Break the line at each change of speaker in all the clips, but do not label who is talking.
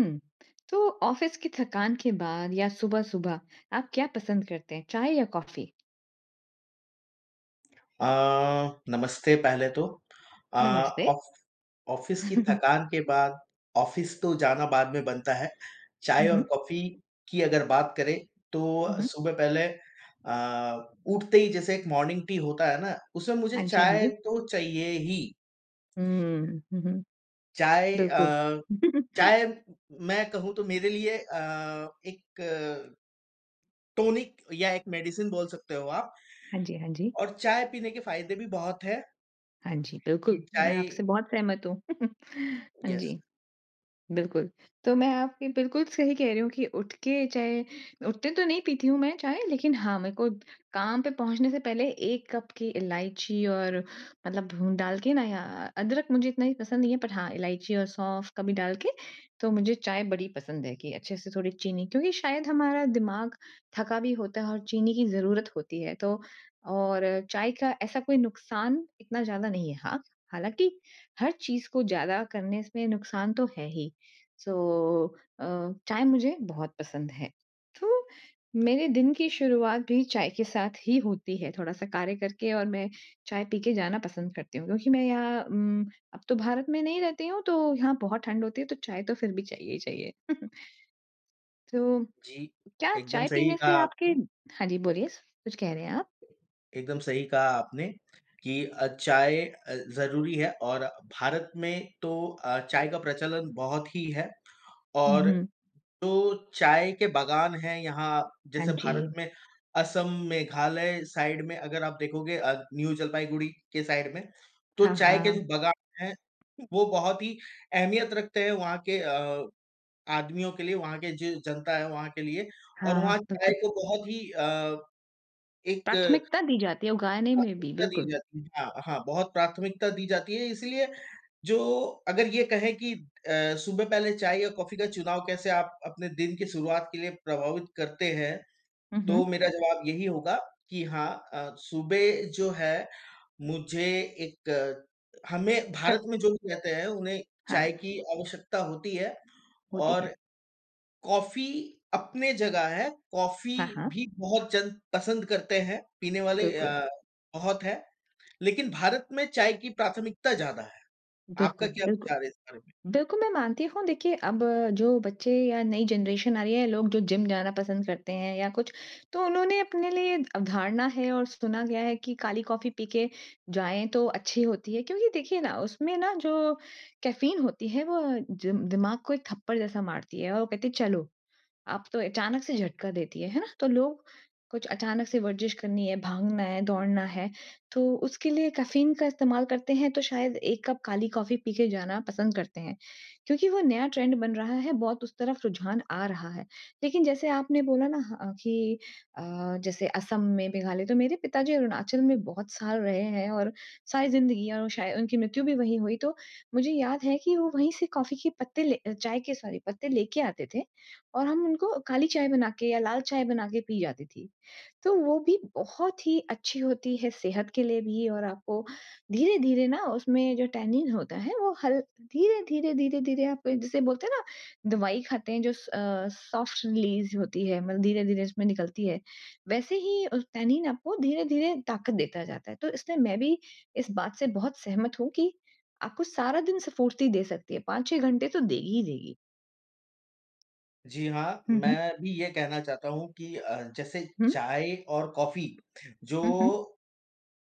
हुँ। तो ऑफ़िस की थकान के बाद या सुबह-सुबह आप क्या पसंद करते हैं चाय या कॉफ़ी?
अ, नमस्ते पहले तो अ,
नमस्ते।
ऑफ़ ऑफ़िस की थकान के बाद ऑफ़िस तो जाना बाद में बनता है। चाय
हुँ,
और
हुँ।
कॉफ़ी की अगर बात करें तो
हुँ, हुँ।
सुबह पहले अ, उठते ही जैसे एक मॉर्निंग टी होता है न? उसमें मुझे
हाँ जी, हाँ
चाय
जी।
तो चाहिए ही।
हुँ। हुँ, हुँ।
चाय अ,
बिल्कुल।
चाय मैं कहूँ तो मेरे लिए अ, एक टॉनिक या एक मेडिसिन बोल सकते हो आप।
हाँ जी, हाँ जी।
और चाय पीने के फ़ायदे भी बहुत हैं।
हाँ जी।
कि
बिल्कुल, मैं
चाय
आपसे बहुत सहमत हूँ। हाँ
यस।
जी। बिल्कुल। तो मैं आपकी बिल्कुल सही कह रही हूँ कि उठ के चाय उठते तो नहीं पीती हूँ मैं चाय लेकिन हाँ, मेरे को काम पे पहुँचने से पहले एक कप की इलाइची और मतलब भून डाल के न या अ, अदरक मुझे इतना भी पसंद नहीं है बट हाँ, इलाइची और सौंफ कभी डाल के तो मुझे चाय बड़ी पसंद है कि अच्छे-से थोड़ी चीनी। क्योंकि शायद हमारा दिमाग थका भी होता है और चीनी की ज़रूरत होती है तो और चाय का ऐसा कोई नुकसान इतना ज़्यादा नहीं है। हाँ, हालाँकि हर चीज़ को ज़्यादा करने से नुकसान तो है ही। सो अ, चाय मुझे बहुत पसंद है। तो मेरे दिन की शुरुआत भी चाय के साथ ही होती है। थोड़ा-सा कार्य करके और मैं चाय पी के जाना पसंद करती हूँ क्योंकि मैं यहाँ उम, अब तो भारत में नहीं रहती हूँ तो यहाँ बहुत ठंड होती है तो चाय तो फिर भी चाहिए ही चाहिए। तो
जी,
क्या
एकदम
चाय
सही
पीने
कहा
से आपके
आपने।
हाँ जी। बोलिए कुछ कह रहे हैं आप?
एकदम सही कहा आपने कि अ, चाय अ, ज़रूरी है और भारत में तो अ, चाय का प्रचलन बहुत ही है।
हुँ,
और
हुँ।
तो चाय के बागान हैं यहाँ
हाँ
जैसे भारत
जी।
में असम, मेघालय साइड में अगर आप देखोगे अ, न्यू जलपाईगुड़ी के साइड में तो
हाँ,
चाय के
हाँ।
जो बागान हैं। वो बहुत ही अहमियत रखते हैं वहाँ के अ, आदमियों के लिए, वहाँ के जो जनता है वहाँ के लिए और
हाँ,
वहाँ चाय
बिल्कुल।
को बहुत ही अ, एक
प्राथमिकता दी जाती है और गाने में भी
प्राथमिकता दी
बिल्कुल।
जाती है। हाँ, हाँ बहुत प्राथमिकता दी जाती है इसलिए जो अगर ये कहें कि अ, सुबह पहले चाय या कॉफ़ी का चुनाव कैसे आप अपने दिन की शुरुआत के लिए प्रभावित करते हैं?
हुँ,
तो
हुँ।
मेरा जवाब यही होगा कि हाँ अ, सुबह जो है मुझे एक हमें
च
भारत में जो भी कहते हैं उन्हें
हाँ।
चाय की आवश्यकता होती है
होती है।
और कॉफ़ी अपने जगह है, कॉफ़ी
हाँ, हाँ।
भी बहुत जन पसंद करते हैं। पीने वाले
बिल्कुल।
अ, बहुत हैं लेकिन भारत में चाय की प्राथमिकता ज़्यादा है। आपका
बिल्कुल,
क्या
बिल्कुल।
विचार है इस बारे में?
बिल्कुल मैं मानती हूँ देखिए अब जो बच्चे या नई जनरेशन आ रही है लोग जो जिम जाना पसंद करते हैं या कुछ। तो उन्होंने अपने लिए अवधारणा है और सुना गया है कि काली कॉफ़ी पी के जाएँ तो अच्छी होती है। क्योंकि देखिए न उसमें न जो कैफ़ीन होती है वो जिम दिमाग को एक थप्पड़ जैसा मारती है और वो कहती है चलो। अब तो अचानक से झटका देती है, है ना? तो लोग कुछ अचानक से वर्जिश करनी है, भागना है, दौड़ना है तो उसके लिए कैफ़ीन का इस्तेमाल करते हैं। तो शायद एक कप काली कॉफ़ी पी के जाना पसंद करते हैं। क्योंकि वो नया ट्रेंड बन रहा है, बहुत उस तरफ रुझान आ रहा है। लेकिन जैसे आपने बोला न ह अ, कि अ, जैसे असम में मेघालय तो मेरे पिताजी अरुणाचल में बहुत साल रहे हैं और सारी ज़िंदगी और वो शाय उनकी मृत्यु भी वहीं हुई। तो मुझे याद है कि वो वहीं से कॉफ़ी के पत्ते ले अ, चाय के सॉरी पत्ते लेके आते थे। और हम उनको काली चाय बना के या लाल चाय बना के पी जाती थी। तो वो भी बहुत ही अच्छी होती है सेहत के लिए भी और आपको धीरे-धीरे न उसमें जो टैनिन होता है वो हल धीरे-धीरे, धीरे-धीरे आप जिसे बोलते हैं न दवाई खाते हैं जो स अ, सॉफ़्ट रिलीज़ होती है, मतलब धीरे-धीरे उसमें निकलती है। वैसे ही अ, टैनिन आपको धीरे-धीरे ताकत देता जाता है। तो इसलिए मैं भी इस बात से बहुत सहमत हूँ कि आपको सारा दिन स्फूर्ति दे सकती है। 5-6 घंटे तो देगी ही देगी।
जी हाँ।
हुँ, हुँ।
मैं भी ये कहना चाहता हूँ कि अ, जैसे
हुँ।
चाय और कॉफ़ी जो
हुँ, हुँ।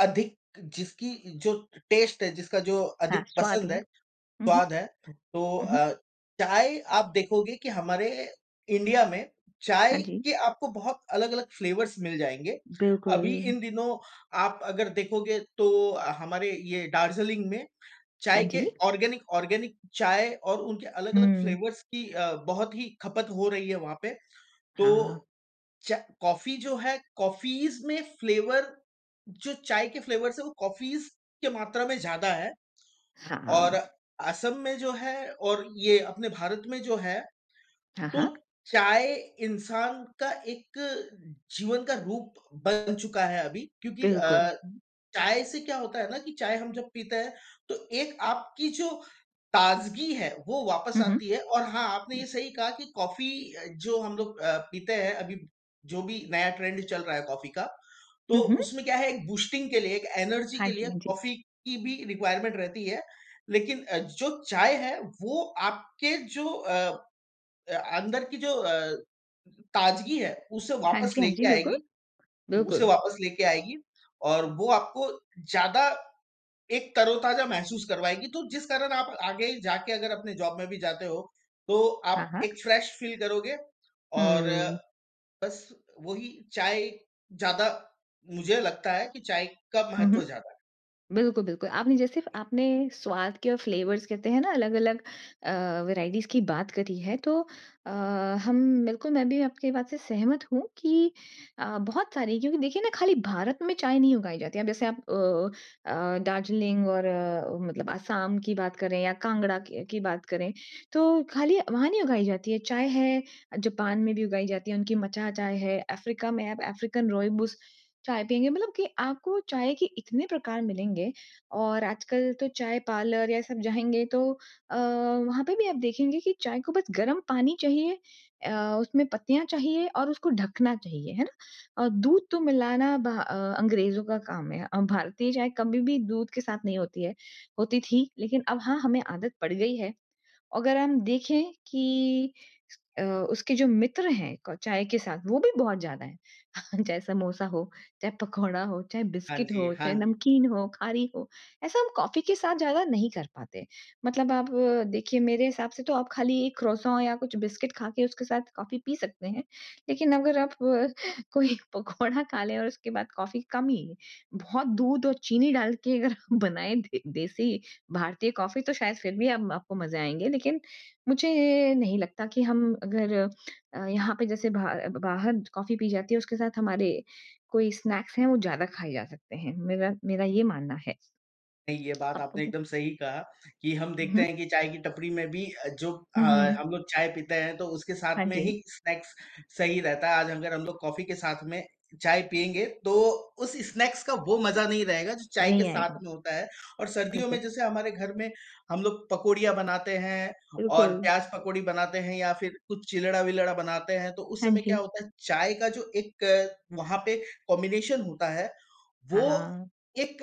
अधिक जिसकी जो टेस्ट है, जिसका जो
हाँ,
अधिक
स्वाद
पसंद
है।
है,
हुँ, हुँ।
स्वाद है, तो
हुँ, हुँ।
अ, चाय आप देखोगे कि हमारे इंडिया में
हाँ
चाय
जी।
के आपको बहुत अलग-अलग फ़्लेवर्स मिल जाएँगे। अभी
बिल्कुल।
इन दिनों आप अगर देखोगे तो, हमारे ये दार्जिलिंग में
हाँ
चाय के
जी।
ऑर्गेनिक ऑर्गेनिक चाय और उनके अलग-अलग
हुँ।
फ़्लेवर्स की अ, बहुत ही ख़पत हो रही है वहाँ पे।
हाँ।
तो, चाय कॉफ़ी जो है कॉफ़ीज़ में फ़्लेवर जो चाय के फ़्लेवर्स है वो कॉफ़ीज़ के मात्रा में ज़्यादा है। और
हाँ।
असम में जो है और ये अपने भारत में जो है।
हाँ,
तो
हाँ।
चाय इंसान का एक जीवन का रूप बन चुका है अभी। क्योंकि
बिल्कुल।
अ, चाय से क्या होता है ना, कि चाय हम जब पीते हैं तो एक आपकी जो ताज़गी है, वो वापस
हुँ,
आती
हुँ।
है। और हाँ आपने ये सही कहा कि कॉफ़ी जो हम लोग अ, पीते हैं, अभी जो भी नया ट्रेंड चल रहा है। कॉफ़ी का तो
हुँ, हुँ।
उसमें क्या है? एक बूस्टिंग के लिए एक एनर्जी
हाँ
के लिए
जी, हाँ जी।
कॉफ़ी की भी रिक्वायरमेंट रहती है। लेकिन अ, जो चाय है, वो आपके जो अ, अंदर की जो अ, ताज़गी है उसे
हाँ
वापस
जी, हाँ जी।
लेके आएगी
बिल्कुल।
उसे
बिल्कुल।
वापस लेके आएगी और वो आपको ज़्यादा एक तरोताज़ा महसूस करवाएगी। तो जिस कारण आप आगे जाकर अगर अपने जॉब में भी जाते हो। तो
हाँ,
आप
हाँ।
एक फ्रेश फ़ील करोगे, और
हुँ।
बस वही चाय ज़्यादा मुझे लगता है कि चाय का
हुँ, हुँ।
महत्व ज़्यादा है।
बिल्कुल, बिल्कुल आपने जैसे इफ़ आपने स्वाद के फ़्लेवर्स कहते हैं ना, अलग-अलग अ, वेराइटीज़ की बात करी है, तो अ, हम बिल्कुल मैं भी आपकी बात से सहमत हूँ। कि अ, बहुत सारी क्योंकि देखिए ना खाली भारत में चाय नहीं उगाई जाती है। जैसे आप अ अ, दार्जिलिंग और अ, मतलब असाम की बात करें या कांगड़ा की की बात करें। तो खाली वहाँ नहीं उगाई जाती है। चाय है जापान में भी उगाई जाती है उनकी मचा चाय है। अफ़्रीका में आप अफ़्रीकन रूइबोस चाय पिएँगे। मतलब की आपको चाय के इतने प्रकार मिलेंगे और आजकल तो चाय पार्लर या सब जाएँगे। तो अ, वहाँ पे भी आप देखेंगे। कि चाय को बस गर्म पानी चाहिए, अ, उसमें पत्तियाँ चाहिए और उसको ढकना चाहिए। है ना अ, दूध तो मिलाना बाहर अंग्रेज़ों का काम है। अ, भारतीय चाय कभी भी दूध के साथ नहीं होती है होती थी। लेकिन अब हाँ हमें आदत पड़ गयी है। अगर हम देखें कि अ, उसके जो मित्र हैं। अ, चाय के साथ वो भी बहुत ज़्यादा हैं। चाहे समोसा हो। चाहे पकौड़ा हो, चाहे
हाँ
बिस्कुट
जी,
हो,
हाँ
चाहे
जी।
नमकीन हो, खारी हो। ऐसा हम कॉफ़ी के साथ ज़्यादा नहीं कर पाते। मतलब आप देखिए। मेरे हिसाब से तो आप खाली एक क्रॉसों या कुछ बिस्कुट खा के उसके साथ कॉफ़ी पी सकते हैं। लेकिन अगर आप कोई पकोड़ा खा ले और उसके बाद कॉफ़ी कम ही बहुत दूध और चीनी डाल के अगर बनाएँ भी। देसी भारतीय कॉफ़ी तो शायद फिर भी आपको मज़े आएँगे। लेकिन मुझे नहीं लगता कि हम अगर अ, यहाँ पे जैसे ब बाहर जैसी कॉफ़ी पी जाती है। उसके साथ हमारे कोई स्नैक्स हैं वो ज़्यादा खाए जा सकते हैं। मेरा मेरा ये मानना है।
नहीं, ये बात
आपको
आपने
भी
एकदम सही कहा, कि हम देखते
हुँ।
हैं कि चाय की टपरी में भी अ, जो अ,
हुँ, हुँ।
हम लोग चाय पीते हैं तो उसके साथ
हाँ
में
जी।
ही स्नैक्स सही रहता है। आज अगर हम लोग कॉफ़ी के साथ में चाय पिएँगे तो, उस स्नैक्स का वो मज़ा नहीं रहेगा। जो चाय के
नहीं
साथ
आएगा।
में होता है और सर्दियों में
बिल्कुल।
जैसे हमारे घर में हम लोग पकोड़ियाँ बनाते हैं और
बिल्कुल।
प्याज पकौड़ी बनाते हैं या फिर कुछ चिलड़ा-विलड़ा बनाते हैं। तो उस इस
हाँ
समय क्या
जी।
होता है? चाय का जो एक वहाँ पे कॉम्बिनेशन होता है।
हाँ,
वो
हाँ।
एक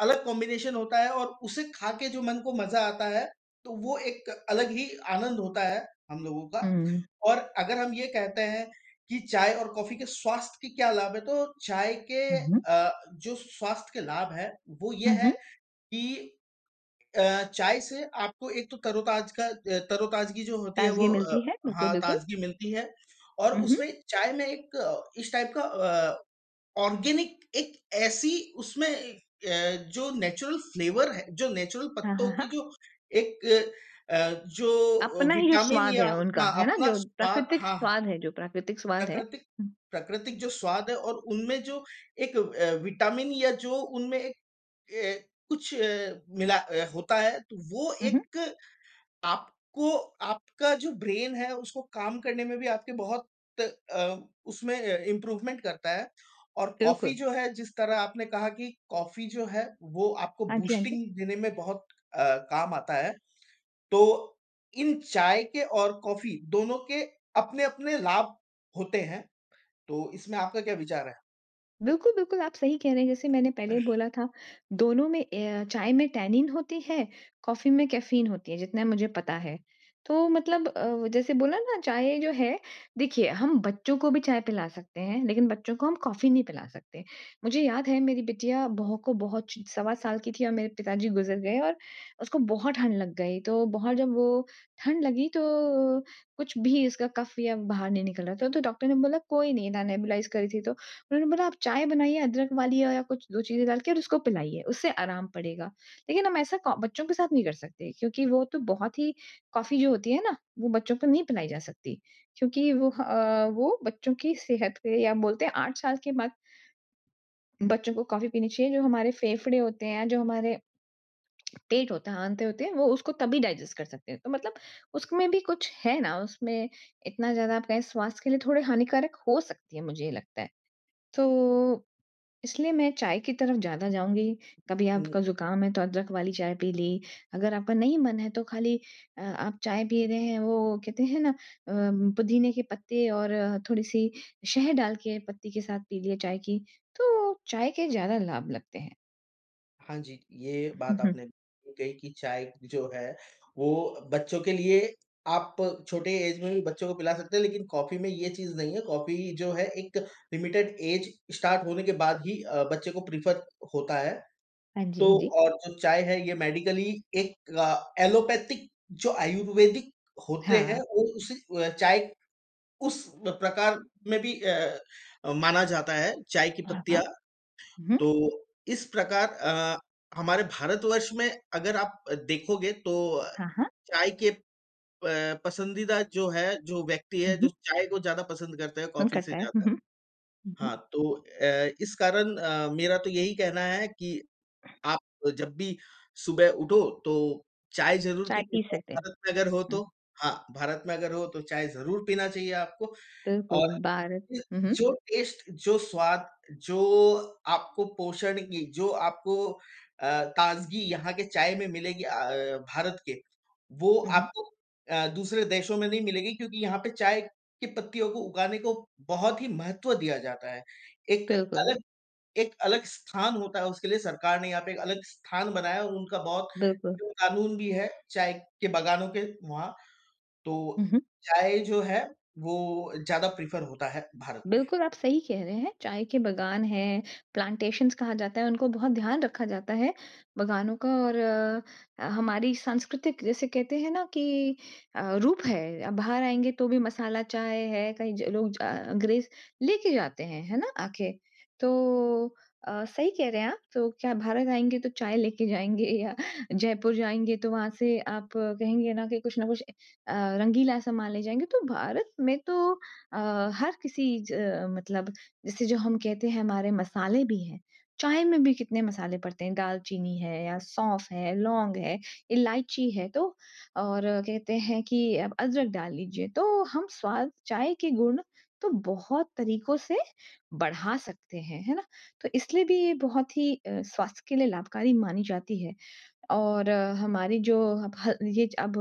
अलग कॉम्बिनेशन होता है और उसे खा के जो मन को मज़ा आता है। तो वो एक अलग ही आनंद होता है, हम लोगों का।
हुँ।
और अगर हम ये कहते हैं कि चाय और कॉफ़ी के स्वास्थ्य के क्या लाभ है? तो चाय के
हुँ, हुँ।
अ, जो स्वास्थ्य के लाभ हैं, वो ये
हुँ,
है
हुँ।
कि, अ चाय से आपको एक तो तरोताज़ा का तरो-ताज़गी जो होती है,
ताज़गी
वो अ,
मिलती है। बिल्कुल,
हाँ
बिल्कुल।
ताज़गी मिलती है और
हुँ, हुँ।
उसमें चाय में एक इस टाइप का अ, ऑर्गेनिक एक ऐसी उसमें अ, जो नेचुरल फ़्लेवर है, जो नेचुरल
हाँ, हाँ,
पत्तों की
हाँ।
जो एक अ, जो
अपना ही जो
विटामिन
स्वाद
या
है उनका। है ना,
अपना
जो
स्वाद
प्राकृतिक
हाँ, हाँ।
स्वाद है जो प्राकृतिक स्वाद है। हुँ।
प्राकृतिक-प्राकृतिक जो स्वाद है और उनमें जो एक अ, विटामिन या जो उनमें एक ए कुछ ए मिला होता है। तो वो
हुँ हुँ।
एक आपको आपका जो ब्रेन है। उसको काम करने में भी आपके बहुत अ, उसमें इम्प्रूवमेंट करता है और कॉफ़ी
बिल्कुल।
जो है, जिस तरह आपने कहा कि कॉफ़ी जो है वो आपको
हाँ जी, हाँ जी।
बूस्टिंग देने में बहुत अ, काम आता है। तो इन चाय के और कॉफ़ी दोनों के अपने-अपने लाभ होते हैं। तो इसमें आपका क्या विचार है?
बिल्कुल, बिल्कुल आप सही कह रहे हैं जैसे मैंने पहले बोला था दोनों में ए अ, चाय में टैनिन होती है, कॉफ़ी में कैफीन होती है, जितना मुझे पता है। तो मतलब अ, जैसे बोला ना चाय जो है देखिए हम बच्चों को भी चाय पिला सकते हैं, लेकिन बच्चों को हम कॉफ़ी नहीं पिला सकते। मुझे याद है मेरी बिटिया बहुको बहु च सवा साल की थी और मेरे पिताजी गुज़र गए और उसको बहुत ठंड लग गई तो बहुत जब वो ठंड लगी तो कुछ भी इसका कफ़ या बाहर नहीं निकल रहा था, तो डॉक्टर ने बोला कोई नहीं ना नेबुलाइज़ करी थी तो उन्होंने बोला आप चाय बनाइए, अदरक वाली या कुछ 2 चीजें डाल के और उसको पिलाइए, उससे आराम पड़ेगा, लेकिन हम ऐसा को बच्चों के साथ नहीं लड़ सकते क्योंकि वो तो बहुत ही कॉफ़ी जो होती है ना, वो बच्चों को नहीं पिलाई जा सकती, क्योंकि वो ह अ, वो बच्चों की सेहत पे या बोलते हैं 8 साल के बाद बच्चों को कॉफ़ी पीनी चाहिए जो हमारे फेफड़े होते हैं, जो हमारे पेट हो आँते होते हैं वो उसको तभी डाइजेस्ट कर सकते हैं। तो मतलब उसमें भी कुछ है ना उसमें इतना ज़्यादा आप कहे स्वास्थ्य के लिए थोड़े हानिकारक हो सकती है मुझे ये लगता है। तो इसलिए मैं चाय की तरफ ज़्यादा जाऊँगी, कभी आपका
हुँ।
ज़ुकाम है तो अदरक वाली चाय पी ली, अगर आपका नहीं मन है तो खाली अ, आप चाय पी रहे हैं वो कहते है ना? अ, पुदीने के पत्ते और थोड़ी-सी शहद डाल के पत्ती के साथ पी लिया चाय की, तो चाय के ज़्यादा लाभ लगते हैं।
हाँ जी। ये बात आपने कही कि चाय जो है वो बच्चों के लिए आप छोटे एज में भी बच्चों को पिला सकते हैं लेकिन कॉफ़ी में ये चीज़ नहीं है। कॉफ़ी जो है एक लिमिटेड एज स्टार्ट होने के बाद ही अ, बच्चे को प्रेफर होता है।
हाँ जी,
तो
हाँ जी।
और जो चाय है ये मेडिकली एक एलोपैथिक जो आयुर्वेदिक होते हैं
हाँ।
वो उस अ, चाय उस प्रकार में भी अ अ, माना जाता है चाय की
हाँ, हाँ।
पत्तियाँ।
हुँ, हुँ।
तो इस प्रकार अ, हमारे भारतवर्ष में अगर आप देखोगे तो
हाँ, हाँ।
चाय के प पसंदीदा जो है, जो व्यक्ति है
हुँ,
जो
हुँ।
चाय को ज़्यादा पसंद करते है,
मन
कॉफ़ी से
करता है। हुँ,
ज़्यादा।
हुँ। हुँ, हुँ।
हाँ तो अ, इस कारण अ, मेरा तो यही कहना है कि आप जब भी सुबह उठो तो चाय ज़रूर
चाय
पी के
पी
जाओ
सकते हैं।
भारत में अगर हो
हुँ।
तो। हाँ, भारत में अगर हो तो चाय ज़रूर पीना चाहिए आपको और
बिल्कुल भारत। हुँ, हुँ।
जो टेस्ट जो स्वाद, जो आपको पोषण की जो आपको अ, ताज़गी यहाँ के चाय में मिलेगी अ, भारत के वो
हुँ, हुँ।
आपको अ, दूसरे देशों में नहीं मिलेगी क्योंकि यहाँ पे चाय की पत्तियों को उगाने को बहुत ही महत्व दिया जाता है। एक
बिल्कुल।
अलग एक अलग स्थान होता है उसके लिए सरकार ने यहाँ पे एक अलग स्थान बनाया है और उनका बहुत
बिल्कुल।
क़ानून भी है चाय के बागानों के वहाँ,
हुँ,
तो
हुँ।
चाय जो है वो ज़्यादा प्रेफर होता है भारत में।
बिल्कुल आप सही कह रहे हैं। चाय के बागान है प्लांटेशंस कहा जाता है उनको बहुत ध्यान रखा जाता है बागानों का ।और अ, हमारी सांस्कृतिक जैसे कहते हैं ना कि अ, रूप है, बाहर आएँगे तो भी मसाला चाय है कई ज लोग अ, ग्रेस लेके जाते हैं है ना? आके, तो अ, सही कह रहे हैं आप तो क्या भारत आएँगे तो चाय लेके जाएँगे या जयपुर जाएँगे तो वहाँ से आप कहेंगे ना कि कुछ न कुछ अ, रंगीला समान ले जाएँगे, तो भारत में तो अ, हर किसी च मतलब जैसे जो हम कहते हैं हमारे मसाले भी हैं। चाय में भी कितने मसाले पड़ते हैं दाल चीनी है या सौंफ़ है, लॉन्ग है, इलाइची है, तो और कहते हैं कि आप अदरक डाल लीजिए, तो हम स्वाद, चाय के गुण तो बहुत तरीकों से बढ़ा सकते हैं। है ना? तो इसलिए भी ये बहुत ही अ, स्वास्थ्य के लिए लाभकारी मानी जाती है। और हमारी जो अब ह ये अब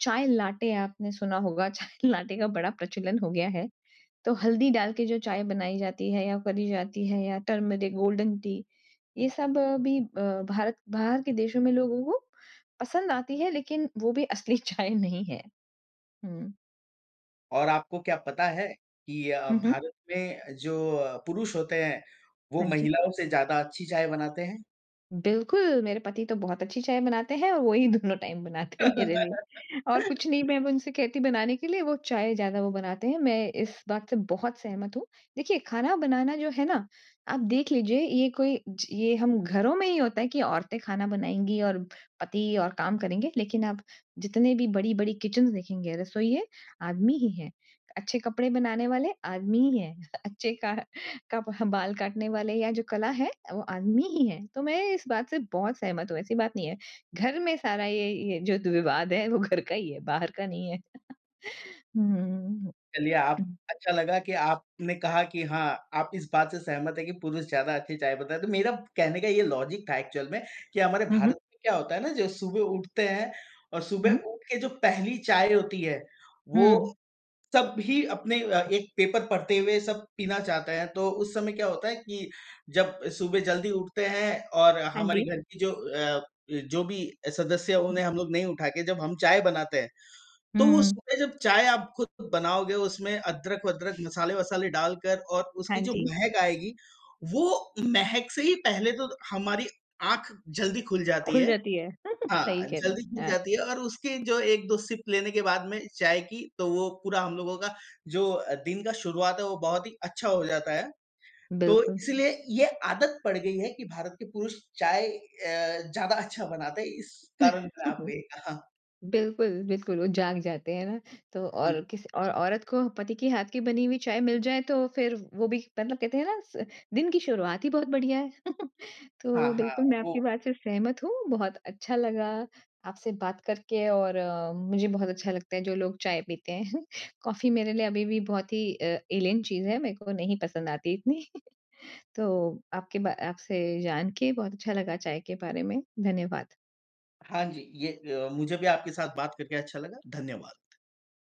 चाय लाटे आपने सुना होगा चाय लाटे का बड़ा प्रचलन हो गया है। तो हल्दी डाल के जो चाय बनाई जाती है या करी जाती है या टर्मरिक गोल्डन टी ये
हुँ।
सब भी अ, भारत बाहर के देशों में लोगों को पसंद आती है लेकिन वो भी असली चाय नहीं है। हुँ।
और आपको क्या पता है? कि अ,
हुँ, हुँ।
भारत में जो अ, पुरुष होते हैं वो
हाँ जी।
महिलाओं से ज़्यादा अच्छी चाय बनाते हैं?
बिल्कुल। मेरे पति तो बहुत अच्छी चाय बनाते हैं और वो ही दोनों टाइम बनाते हैं मेरे लिए। और कुछ नहीं मैं अब उनसे कहती बनाने के लिए वो चाय ज़्यादा वो बनाते हैं, मैं इस बात से बहुत सहमत हूँ। देखिए खाना बनाना जो है ना, आप देख लीजिए ये कोई ज ये हम घरों में ही होता है कि औरतें खाना बनाएँगी और पति और काम करेंगे लेकिन आप जितने भी बड़ी-बड़ी किचन्स देखेंगे, रसोइए आदमी ही हैं। अच्छे कपड़े बनाने वाले आदमी ही हैं, अच्छे क कप बाल काटने वाले या जो कला है वो आदमी ही है, तो मैं इस बात से बहुत सहमत हूँ, ऐसी बात नहीं है। घर में सारा ये ये जो द विवाद है वो घर का ही है, बाहर का नहीं है।
चलिए आप
हुँ।
अच्छा लगा कि आपने कहा कि हाँ, आप इस बात से सहमत हैं कि पुरुष ज़्यादा अच्छी चाय बताए, तो मेरा कहने का ये लॉजिक था एक्चुअल में कि हमारे
हुँ, हुँ।
भारत में क्या होता है ना? जो सुबह उठते हैं और सुबह
हुँ।
उठ के जो पहली चाय होती है वो
हुँ।
सब भी अपने अ, एक पेपर पढ़ते हुए सब पीना चाहते हैं तो उस समय क्या होता है कि जब सुबह जल्दी उठते हैं और
हाँ
हमारी
जी।
घर की जो अ, जो भी सदस्य
हुँ।
उन्हें हम लोग नहीं उठा के जब हम चाय बनाते हैं।
हुँ,
तो वो
हुँ।
सुबह जब चाय आप खुद बनाओगे उसमें अदरक-वदरक, मसाले-वसाले डालकर और उसकी
हाँ
जो
जी।
महक आएगी वो महक से ही पहले तो हमारी आँख जल्दी खुल जाती
खुल
है।
जाती है।
हाँ,
सही कह रहें
जल्दी
हैं।
खुल
हाँ।
जाती है और उसके जो 1-2 सिप लेने के बाद में चाय की तो वो पूरा हम लोगों का जो अ, दिन का शुरुआत है, वो बहुत ही अच्छा हो जाता है। तो
बिल्कुल।
इसलिए ये आदत पड़ गई है कि भारत के पुरुष चाय अ, ज़्यादा अच्छा बनाते हैं। इस कारण आप ए हाँ।
बिल्कुल, बिल्कुल। वो जाग जाते हैं ना, तो और
हुँ।
किस और औरत को पति के हाथ की बनी हुई चाय मिल जाए तो फिर वो भी मतलब कहते है ना स दिन की शुरुआत ही बहुत बढ़िया है।
हाँ,
तो
हाँ।
बिल्कुल मैं आपकी
वो
बात से सहमत हूँ। बहुत अच्छा लगा आपसे बात करके और, मुझे बहुत अच्छा लगता है जो लोग चाय पीते हैं। कॉफी मेरे लिए अभी भी बहुत ही अ, एलियन चीज़ है, मेरे को नहीं पसंद आती इतनी। तो आपके ब आपसे जान के बहुत अच्छा लगा चाय के बारे में धन्यवाद।
हाँ जी, ये अ, मुझे भी आपके साथ बात करके अच्छा लगा। धन्यवाद।